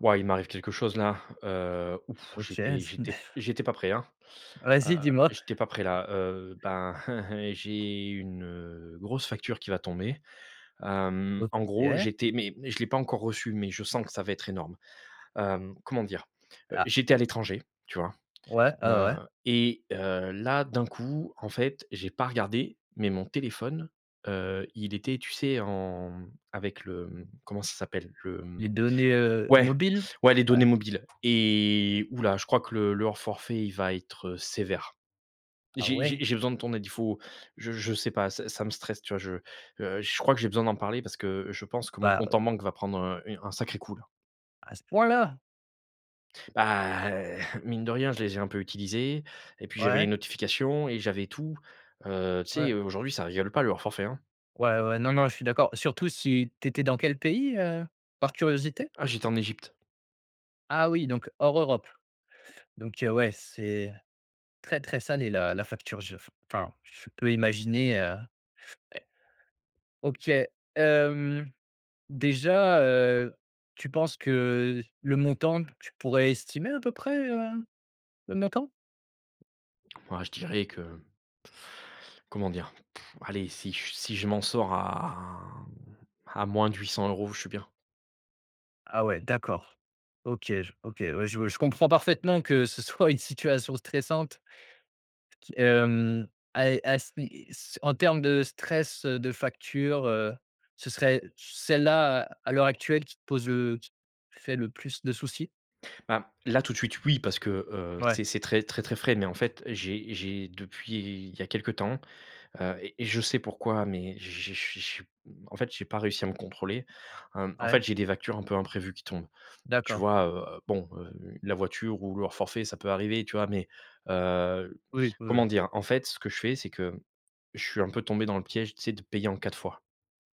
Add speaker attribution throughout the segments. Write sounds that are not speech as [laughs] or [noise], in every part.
Speaker 1: Wouah, il m'arrive quelque chose là, heu, ouf!
Speaker 2: OK ça n
Speaker 1: J'étais j'étais
Speaker 2: [chuckles]
Speaker 1: j'étais pas prêt, hein, heu
Speaker 2: Vas-y, dis moi?
Speaker 1: j'étais pas prêt là, heu ben [chuckles] j'ai une, heu, grosse facture qui va tomber, hem, en gros
Speaker 2: OK.
Speaker 1: j'étais mais mais je l'ai pas encore reçu. Mais je sens que ça va être énorme, hem, comment dire? Heu,
Speaker 2: Ah.
Speaker 1: j'étais à l'étranger, tu vois?
Speaker 2: Ouais, ah ouais,
Speaker 1: Heu
Speaker 2: ouais!
Speaker 1: et heu, là d'un coup en fait j'ai pas regardé mais mon téléphone, heu, il était, tu sais, en avec le comment ça s'appelle? Le mmh
Speaker 2: Les données, heu,
Speaker 1: ouais
Speaker 2: mobiles?
Speaker 1: ouais, les données
Speaker 2: Ouais.
Speaker 1: mobiles et ouh-la! Je crois que le le forfait il va être, heu, sévère.
Speaker 2: Ah
Speaker 1: J'ai j'ai
Speaker 2: ouais?
Speaker 1: j'ai besoin de ton aide, il faut je je sais pas, ça ça me stresse, tu vois? Je, heu je crois que j'ai besoin d'en parler parce que, heu, je pense que mon
Speaker 2: Bah,
Speaker 1: compte
Speaker 2: heu
Speaker 1: en banque va prendre, un u un sacré coup, là.
Speaker 2: A ce point là?
Speaker 1: Bah, mine de rien, je l'ai je l'ai un peu utilisés et puis j'avais les
Speaker 2: Ouais.
Speaker 1: notifications et j'avais tout, heu tu sais,
Speaker 2: Ouais.
Speaker 1: heu, aujourd'hui ça rigole pas le hors forfait, hein.
Speaker 2: Ouais, ouais, ouais, non, non, je suis d'accord. Surtout si tu étais dans quel pays, heu, par curiosité?
Speaker 1: Ah, j'étais en Égypte.
Speaker 2: Ah oui, donc hors Europe. Donc heu, ouais, c'est très, très salé la la facture! Je f enfin je peux imaginer, heu, ouais. OK, hem, déjà, heu, tu penses que le montant tu pourrais estimer à peu près, heu, le montant?
Speaker 1: Ouais, je dirais que comment dire, allez si j si je m'en sors à à moins de 800€, je suis bien.
Speaker 2: Ah ouais, d'accord, OK je OK, ouais je ouais je comprends parfaitement que ce soit [chuckles] une situation stressante qui et hem, ah et as mais en termes de stress, heu, de facture, heu, ce serait celle-là à l'heure actuelle qui te pose le qui te fait le plus de soucis?
Speaker 1: Bah, là tout de suite oui, parce que, heu,
Speaker 2: Ouais.
Speaker 1: c'est c'est très très très frais mais en fait j'ai j'ai depuis il y a quelque temps, heu et je sais pourquoi mais j'ai je j'ai je s en fait j'ai pas réussi à me contrôler, hem, en
Speaker 2: Ouais.
Speaker 1: fait j'ai des factures un peu imprévues qui tombent. Tu
Speaker 2: D'accord.
Speaker 1: vois, heu, bon heu, u la voiture ou le hors forfait ça peut arriver, tu vois? Mais heu,
Speaker 2: Oui, ouais,
Speaker 1: comment
Speaker 2: ouais.
Speaker 1: dire? En fait ce que je fais c'est que je suis un peu tombé dans le piège tu sais de payer en 4 fois,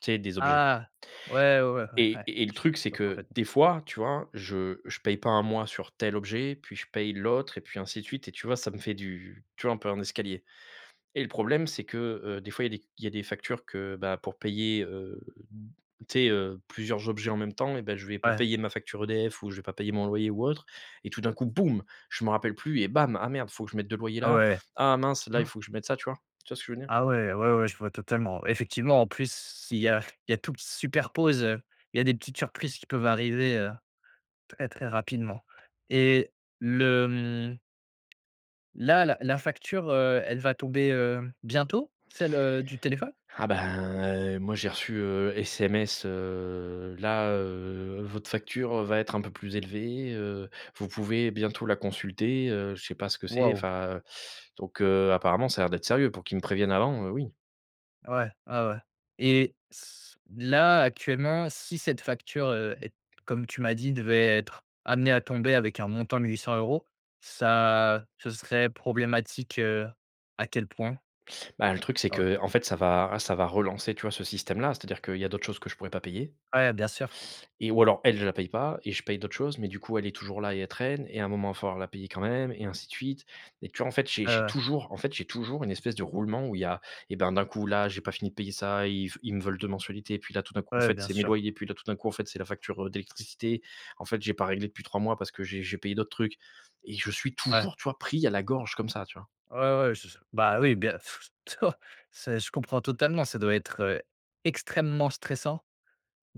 Speaker 1: tu sais des objets
Speaker 2: Ah ouais, ouais, ouais, ouais,
Speaker 1: et
Speaker 2: ouais.
Speaker 1: et et le
Speaker 2: J Je
Speaker 1: truc c'est
Speaker 2: comprend
Speaker 1: que
Speaker 2: parfaitement.
Speaker 1: des fois tu vois, je je paye pas 1 mois sur tel objet puis je paye l'autre et puis ainsi de suite et tu vois ça me fait du tu vois, un peu un escalier et le problème c'est que, heu, des fois il y a des il y a des factures que, bah, pour payer, heu, d tu sais, heu, plusieurs objets en même temps et bah, je vais pas
Speaker 2: Ouais.
Speaker 1: payer ma facture EDF. Ou je vais pas payer mon loyer ou autre et tout d'un coup boom je me rappelle plus et bam: «Ah merde faut que je mette 2 loyers
Speaker 2: Ah
Speaker 1: là.
Speaker 2: ouais.
Speaker 1: Ah mince
Speaker 2: Je
Speaker 1: là il
Speaker 2: vois.
Speaker 1: faut que je mette ça!» tu vois? Tu vois ce que je veux dire?
Speaker 2: Ah ouais. Ouais, ouais, je vois totalement! Effectivement, en plus si il y a il y a tout qui se superpose, heu, il y a des petites surprises qui peuvent arriver, heu, très, très rapidement et le mmh là là, la facture, heu, elle va tomber, heu, bientôt celle, heu, du téléphone?
Speaker 1: Ah ben, heu, moi j'ai reçu, heu, SMS, heu, là, heu, votre facture va être un peu plus élevée, heu, vous pouvez bientôt la consulter, heu je sais pas ce que c'est,
Speaker 2: Waouh.
Speaker 1: enfin donc heu, apparemment ça a l'air d'être sérieux pour qu'ils me préviennent avant, heu, oui.
Speaker 2: Ouais, ouais, ouais et s là actuellement, si cette facture, heu, est comme tu m'as dit devait être amenée à tomber, avec un montant de 800€, ça ce serait problématique, heu, à quel point?
Speaker 1: Bah, le truc c'est
Speaker 2: O
Speaker 1: qu'en fait ça va ra ça va relancer tu vois ce système-là. C'est-à-dire qu'il y a d'autres choses que je pourrais pas payer
Speaker 2: Ouais, bien sûr.
Speaker 1: et ou alors elle je la paye pas et je paye d'autres choses mais du coup, elle est toujours là et elle traîne et à un moment il va falloir la payer quand même et ainsi de suite et tu vois en fait j'ai
Speaker 2: Ouais,
Speaker 1: j'ai
Speaker 2: voilà.
Speaker 1: toujours en fait, j'ai toujours une espèce de roulement. Où il y a et ben d'un coup là, j'ai pas fini de payer ça, ils v ils me veulent 2 mensualités puis là, tout d'un coup en
Speaker 2: Ouais,
Speaker 1: fait
Speaker 2: bien
Speaker 1: c'est mes
Speaker 2: sûr.
Speaker 1: loyers et puis tout d'un coup en fait c'est la facture, heu, d'électricité. En fait j'ai pas réglé depuis 3 mois parce que j'ai j'ai payé d'autres trucs et je suis
Speaker 2: Ouais.
Speaker 1: toujours tu vois, pris à la gorge comme ça, tu vois?
Speaker 2: Ouais, ouais, je je bah, oui bien [chuckles] c'est je comprends totalement. Ça doit être, heu, extrêmement stressant.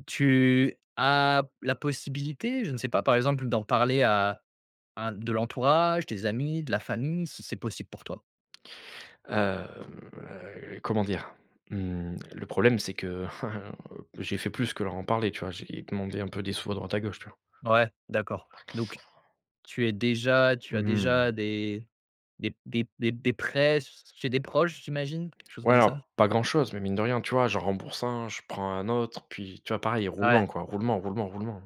Speaker 2: Tu as la possibilité, je ne sais pas, par exemple, d'en parler à à de l'entourage, des amis, de la famille, si c'est possible pour toi?
Speaker 1: Hem, heu, comment dire? Mmh le problème, c'est que [chuckles] j'ai fait plus que leur en parler, tu vois, j'ai demandé un peu des sous à droite, à gauche, tu vois?
Speaker 2: Ouais d'accord, donc tu es déjà tu as
Speaker 1: Mmh.
Speaker 2: déjà des des des des prêts ch chez des proches j'imagine, quelque chose
Speaker 1: Ouais,
Speaker 2: comme ça?
Speaker 1: alors pas grand-chose, mais mine de rien, tu vois, j'en rembourse un, je prends un autre. Puis tu vois, pareil,
Speaker 2: Ouais.
Speaker 1: roulement, quoi! Roulement, roulement, roulement.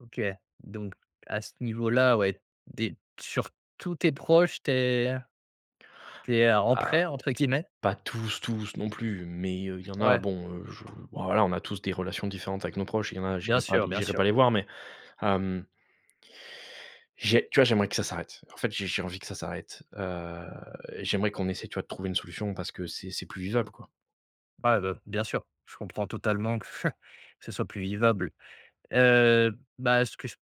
Speaker 2: OK, donc à ce niveau-là, ouais des t sur tous tes proches, tu es tu es «en
Speaker 1: Ah
Speaker 2: prêt» entre guillemets?
Speaker 1: pas tous, tous non plus mais, heu, il y en a
Speaker 2: Ouais.
Speaker 1: bon, heu, je ben, voilà, on a tous des relations différentes avec nos proches. Il y en a,
Speaker 2: Bien
Speaker 1: j'irai pas les
Speaker 2: sûr, bien
Speaker 1: j'irai pas
Speaker 2: sûr.
Speaker 1: les voir mais hem j'ai tu vois, j'aimerais que ça s'arrête. En fait j'ai j'ai envie que ça s'arrête. Heu, j'aimerais qu'on essaie tu vois de trouver une solution parce que c'est c'est plus vivable, quoi!
Speaker 2: Ouais, bah, bien sûr, je comprends totalement [chuckles] que ce soit plus vivable, heu bah, ce que j ts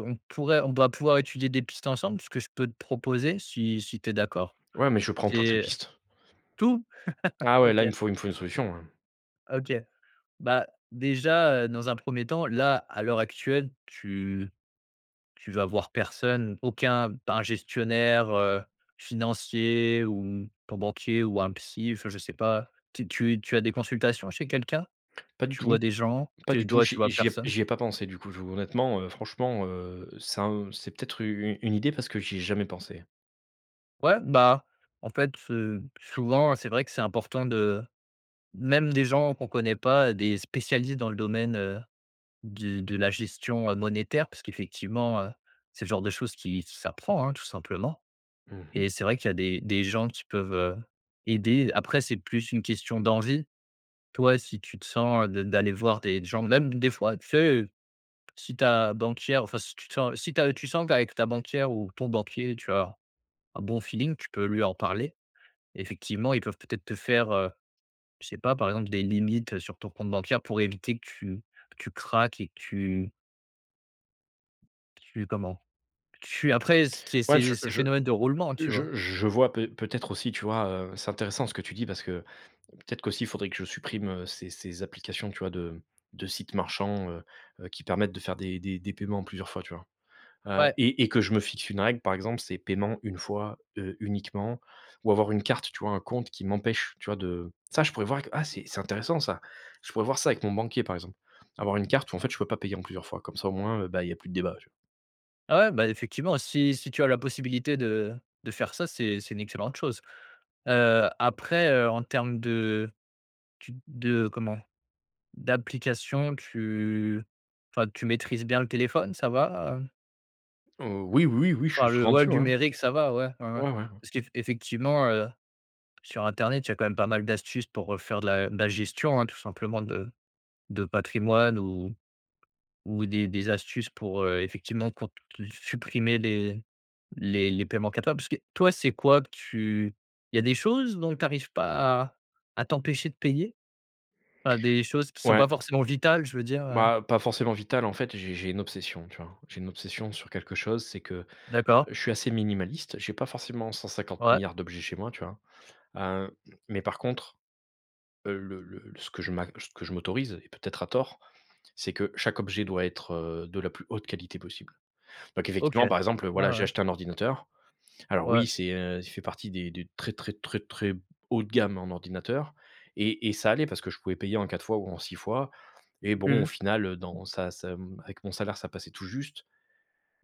Speaker 2: on pourrait on doit pouvoir étudier des pistes ensemble. C'est ce que je peux te proposer, si si tu es d'accord,
Speaker 1: Ouais, mais je prends toutes les
Speaker 2: c'est
Speaker 1: pistes.
Speaker 2: tout? [laughs]
Speaker 1: Ah ouais, là
Speaker 2: OK.
Speaker 1: il me faut il me faut une solution, hein!
Speaker 2: OK. Bah, déjà, heu, dans un 1er temps là, à l'heure actuelle tu tu vas voir personne? Aucun pas un gestionnaire, heu, financier ou ton banquier ou un psy? Fin je sais pas. T tu tu as des consultations chez quelqu'un?
Speaker 1: Pas du
Speaker 2: Tu vois
Speaker 1: tout,
Speaker 2: des gens?
Speaker 1: pas
Speaker 2: Tu es
Speaker 1: du
Speaker 2: d
Speaker 1: tout,
Speaker 2: ouais, tu
Speaker 1: j j'y
Speaker 2: vois
Speaker 1: ai j'y ai
Speaker 2: personne?
Speaker 1: j'y ai pas pensé du coup, je honnêtement, heu franchement, heu, ça un c'est peut-être u une idée parce que j'y ai jamais pensé.
Speaker 2: Ouais, bah, en fait, heu, souvent c'est vrai que c'est important de même des gens qu'on connaît pas. Des spécialistes dans le domaine, heu, d de la gestion, heu, monétaire parce qu'effectivement, heu, c'est le genre de choses qui s'apprend, hein, tout simplement.
Speaker 1: Mmh mh.
Speaker 2: Et c'est vrai qu'il y a des des gens qui peuvent, heu, aider, après c'est plus une question d'envie. Toi, si tu te sens d d'aller voir des d gens, même des fois, tu sais, si ta banquière, enfin, si tu te sens si tu as tu sens qu'avec ta banquière ou ton banquier, tu as un bon feeling, tu peux lui en parler. Effectivement, ils peuvent peut-être te faire, heu, je sais pas. Par exemple, des limites sur ton compte bancaire pour éviter que tu que tu craques et que tu tu comment? Tu après c c'est
Speaker 1: Ouais, je
Speaker 2: c'est
Speaker 1: je
Speaker 2: phénomènes de roulement, tu vois?
Speaker 1: je je vois pe peut-être aussi tu vois, heu, c'est intéressant ce que tu dis parce que peut-être qu'aussi il faudrait que je supprime, heu, ces ces applications, tu vois, de de sites marchands. Heu heu, qui permettent de faire des des des paiements en plusieurs fois, tu vois, heu
Speaker 2: Ouais.
Speaker 1: et et que je me fixe une règle. Par exemple, c'est paiement une fois, heu, uniquement ou avoir une carte, tu vois, un compte qui m'empêche, tu vois, de ça, je pourrais voir avec ah, c'est c'est intéressant ça. Je pourrais voir ça avec mon banquier, par exemple. Avoir une carte où en fait je peux pas payer en plusieurs fois, comme ça, au moins, heu, ben, il y a plus de débat. Tu vois?
Speaker 2: Ouais, bah effectivement, si si tu as la possibilité de de faire ça, c'est c'est une excellente chose. Heu, après, heu, en termes de tu de comment, d'application, tu enfin tu maîtrises bien le téléphone ça va, heu?
Speaker 1: Oh oui, oui, oui, je
Speaker 2: Enfin
Speaker 1: suis
Speaker 2: le,
Speaker 1: souvent
Speaker 2: ouais, le
Speaker 1: dessus ouais.
Speaker 2: numérique ça va? Ouais, ouais ouais.
Speaker 1: Ouais, ouais, ouais.
Speaker 2: Parce qu'effectivement, heu, sur internet il y a quand même pas mal d'astuces pour, heu, faire de la de la gestion, hein, tout simplement de de patrimoine ou ou des des astuces pour, heu, effectivement cont s supprimer les les les paiements capables parce que, toi c'est quoi que tu il y a des choses dont tu arrives pas à à t'empêcher de payer? Enfin des choses qui sont
Speaker 1: Ouais.
Speaker 2: pas forcément vitales, je veux dire, heu
Speaker 1: Bah, pas forcément vital, en fait, j'ai j'ai une obsession, tu vois? J'ai une obsession sur quelque chose, c'est que
Speaker 2: D'accord.
Speaker 1: je suis assez minimaliste, j'ai pas forcément cent cinquante
Speaker 2: Ouais.
Speaker 1: milliards d'objets chez moi, tu vois? Heu, mais par contre, heu, le le ce que je m'a ce que je m'autorise et peut-être à tort c'est que chaque objet doit être, heu, de la plus haute qualité possible, donc
Speaker 2: OK.
Speaker 1: effectivement, par exemple,
Speaker 2: Ouais,
Speaker 1: voilà, j'ai
Speaker 2: ouais.
Speaker 1: acheté un ordinateur alors oui
Speaker 2: Ouais.
Speaker 1: c'est, heu, il fait partie des de très très très haut de gamme en ordinateur et et ça allait parce que je pouvais payer en 4 fois ou en 6 fois et bon, au final, dans ça ça, hem, avec mon salaire ça passait tout juste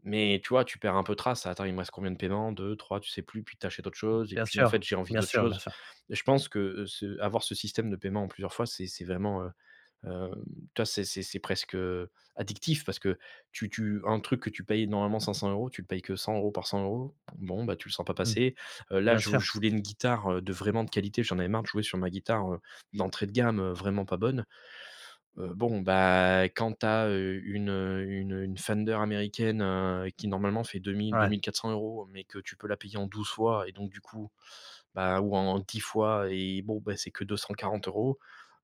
Speaker 1: mais, tu vois, tu perds un peu trace: «Ah, attends, il me reste combien de paiement? 2-3?» Tu sais plus puis tu achètes autre chose et
Speaker 2: Bien
Speaker 1: puis, en fait,
Speaker 2: sûr,
Speaker 1: j'ai envie
Speaker 2: bien
Speaker 1: d'autre
Speaker 2: sûr, bien
Speaker 1: chose
Speaker 2: sûr.
Speaker 1: et je pense que, heu, ce avoir ce système de paiement en plusieurs fois c'est c'est vraiment, heu, hem, tu vois c'est c'est c'est presque, heu, addictif parce que tu tu un truc que tu payes normalement 500 € tu le payes que 100 € par 100 € bon bah, tu le sens pas
Speaker 2: Mmh.
Speaker 1: passer, heu, là
Speaker 2: Bien
Speaker 1: je vou
Speaker 2: sûr.
Speaker 1: je voulais une guitare, heu, de vraiment de qualité j'en avais marre de jouer sur ma guitare, heu, d'entrée de gamme, heu, vraiment pas bonne, heu, bon bah, quand tu as, heu, une heu, une une Fender américaine, heu, qui normalement fait deux mille-deux
Speaker 2: Ouais.
Speaker 1: mille-quatre-cents euros mais que tu peux la payer en 12 fois et donc du coup, bah, ou en 10 fois et bon, bah, c'est que 240 €,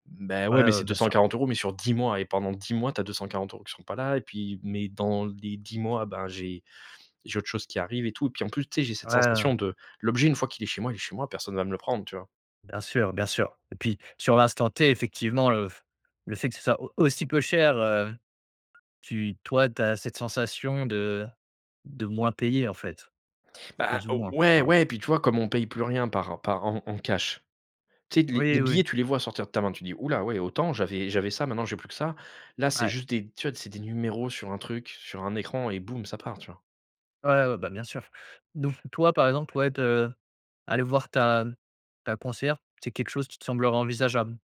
Speaker 1: bah,
Speaker 2: Ouais,
Speaker 1: ouais, mais c'est
Speaker 2: ouais,
Speaker 1: deux
Speaker 2: bien
Speaker 1: cent
Speaker 2: sûr.
Speaker 1: quarante euros mais sur 10 mois et pendant 10 mois tu as 240 € qui seront pas là et puis mais dans les 10 mois ben, j'ai j'ai autre chose qui arrive et tout et puis en plus tu sais j'ai
Speaker 2: Ouais,
Speaker 1: cette
Speaker 2: heu
Speaker 1: sensation de, l'objet une fois qu'il est chez moi il est chez moi, personne va me le prendre, tu vois?
Speaker 2: Bien sûr, bien sûr et puis sur l'instant t effectivement, heu, f le fait que ce soit au aussi peu cher, heu, tu toi tu as cette sensation de de moins payer, en fait,
Speaker 1: Bah,
Speaker 2: plus ou
Speaker 1: o
Speaker 2: moins.
Speaker 1: ouais
Speaker 2: [unintelligible]
Speaker 1: ouais et puis tu vois comme on paye plus rien par en par en en cash. Tu sais les
Speaker 2: Oui,
Speaker 1: les
Speaker 2: oui.
Speaker 1: billets tu les vois sortir de ta main tu dis: «Ouh là, ouais, autant j'avais j'avais ça maintenant j'ai plus que ça», là c'est
Speaker 2: Ouais.
Speaker 1: juste des, tu vois, c'est des numéros sur un truc, sur un écran et boum, ça part, tu vois?
Speaker 2: Ouais, ouais, bah, bien sûr. Donc toi par exemple, ouais, te aller voir ta ta conseillère, c'est quelque chose qui te semblerait envisageable?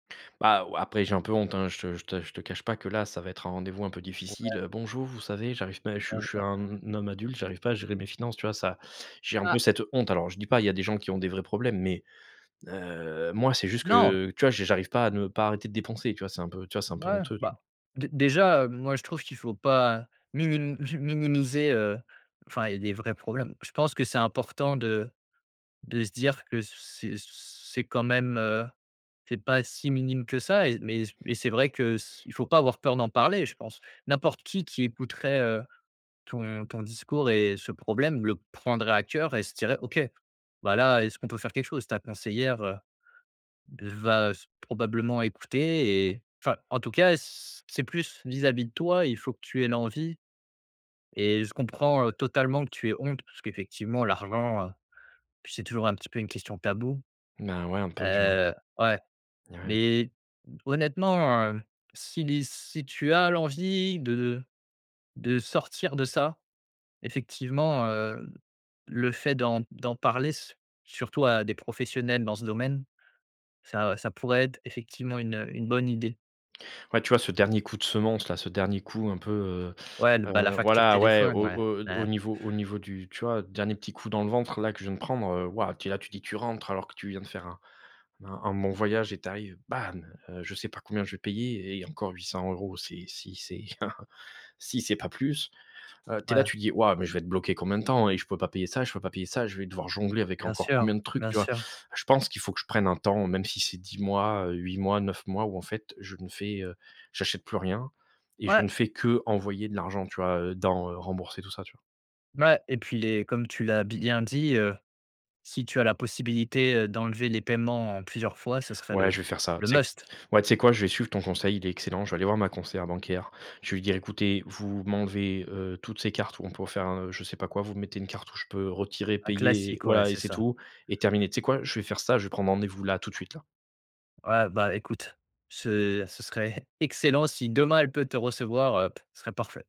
Speaker 1: Bah, ouais, après j'ai un peu honte hein je te je te je te cache pas que là ça va être un rendez-vous un peu difficile:
Speaker 2: Ouais.
Speaker 1: «Bonjour, vous savez, j'arrive pa je suis je suis un
Speaker 2: [unintelligible]
Speaker 1: un homme adulte, j'arrive pas à gérer mes finances». Tu vois? Ça j'ai un
Speaker 2: Ah.
Speaker 1: cette honte, alors je dis pas il y a des gens qui ont des vrais problèmes mais heu, moi c'est juste
Speaker 2: Non.
Speaker 1: que, tu vois, j'ai j'arrive pas à ne pas arrêter de dépenser, tu vois, c'est un peu. Tu vois? C'est un peu
Speaker 2: Ouais
Speaker 1: honteux. Tu
Speaker 2: bah,
Speaker 1: vois?
Speaker 2: dé déjà, heu, moi je trouve qu'il faut pas minim minimiser, heu, enfin il y a des vrais problèmes. Je pense que c'est important de de se dire que c c'est c c'est quand même, heu, c'est pas si minime que ça et mais mais c'est vrai que c il faut pas avoir peur d'en parler je pense. N'importe qui qui écouterait, heu, ton ton discours et ce problème le prendrait à cœur et se dirait: «OK, bah là est-ce qu'on peut faire quelque chose?» ta conseillère, heu, va se probablement écouter et enfin, en tout cas, c c'est plus vis-à-vis de toi, il faut que tu aies l'envie. Et je comprends, heu, totalement que tu aies honte parce qu'effectivement l'argent, puis c'est toujours un petit peu une question tabou.
Speaker 1: Bah, ouais un peu, tu vois?
Speaker 2: Heu, ouais,
Speaker 1: Et ouais.
Speaker 2: mais honnêtement, heu, si l'i si tu as l'envie de de de sortir de ça, effectivement, heu, le fait d'en d'en parler, su surtout à des professionnels dans ce domaine, ça ça pourrait être, effectivement, une une bonne idée.
Speaker 1: Après, tu vois, ce dernier coup de semonce là, ce dernier coup un peu, heu
Speaker 2: Ouais, l bah, la
Speaker 1: heu,
Speaker 2: facture
Speaker 1: voilà, ouais, au
Speaker 2: téléphone ouais.
Speaker 1: au au
Speaker 2: Ouais.
Speaker 1: niveau au niveau du, tu vois, dernier petit coup dans le ventre là que je viens de prendre, heu, waouh, tu es là tu dis, tu rentres alors que tu viens de faire un un bon voyage et tu arrives bam! Heu, je sais pas combien je vais payer et encore 800 €, c'est si c'est [chuckles] si c'est pas plus. Heu, tu es là,
Speaker 2: Ouais.
Speaker 1: tu dis: «Waouh, mais je vais être bloqué combien de temps et je pourrai pas payer ça, je peux pas payer ça, je vais devoir jongler avec
Speaker 2: Bien
Speaker 1: encore
Speaker 2: sûr,
Speaker 1: combien de trucs»,
Speaker 2: bien
Speaker 1: tu vois?
Speaker 2: sûr.
Speaker 1: Je pense qu'il faut que je prenne un temps même si c'est 10 mois, 8 mois, 9 mois ou en fait je ne fais, heu, j'achète plus rien et je
Speaker 2: Ouais.
Speaker 1: ne fais qu'envoyer de l'argent tu vois, heu, dans, heu, rembourser tout ça, tu vois?
Speaker 2: Ouais. Ouais et puis les comme tu l'as bien dit, heu, si tu as la possibilité, heu, d'enlever les paiements en plusieurs fois, ce serait
Speaker 1: Ouais,
Speaker 2: le
Speaker 1: je vais faire ça.
Speaker 2: le
Speaker 1: Tu sais q
Speaker 2: must.
Speaker 1: ouais, tu sais quoi, je vais suivre ton conseil, il est excellent, je vais aller voir ma conseillère bancaire. Je vais lui dire: «Écoutez vous m'enlevez, heu, toutes ces cartes où on peut faire un je sais pas quoi, vous me mettez une carte où je peux retirer,
Speaker 2: Un
Speaker 1: payer et
Speaker 2: classique, ouais,
Speaker 1: voilà et
Speaker 2: c'est
Speaker 1: c'est
Speaker 2: ça.
Speaker 1: tout et terminé», tu sais quoi, je vais faire ça, je vais prendre rendez-vous là, tout de suite, là.
Speaker 2: Ouais, bah, écoute ce ce serait excellent si demain elle peut te recevoir, heu, ce serait parfait.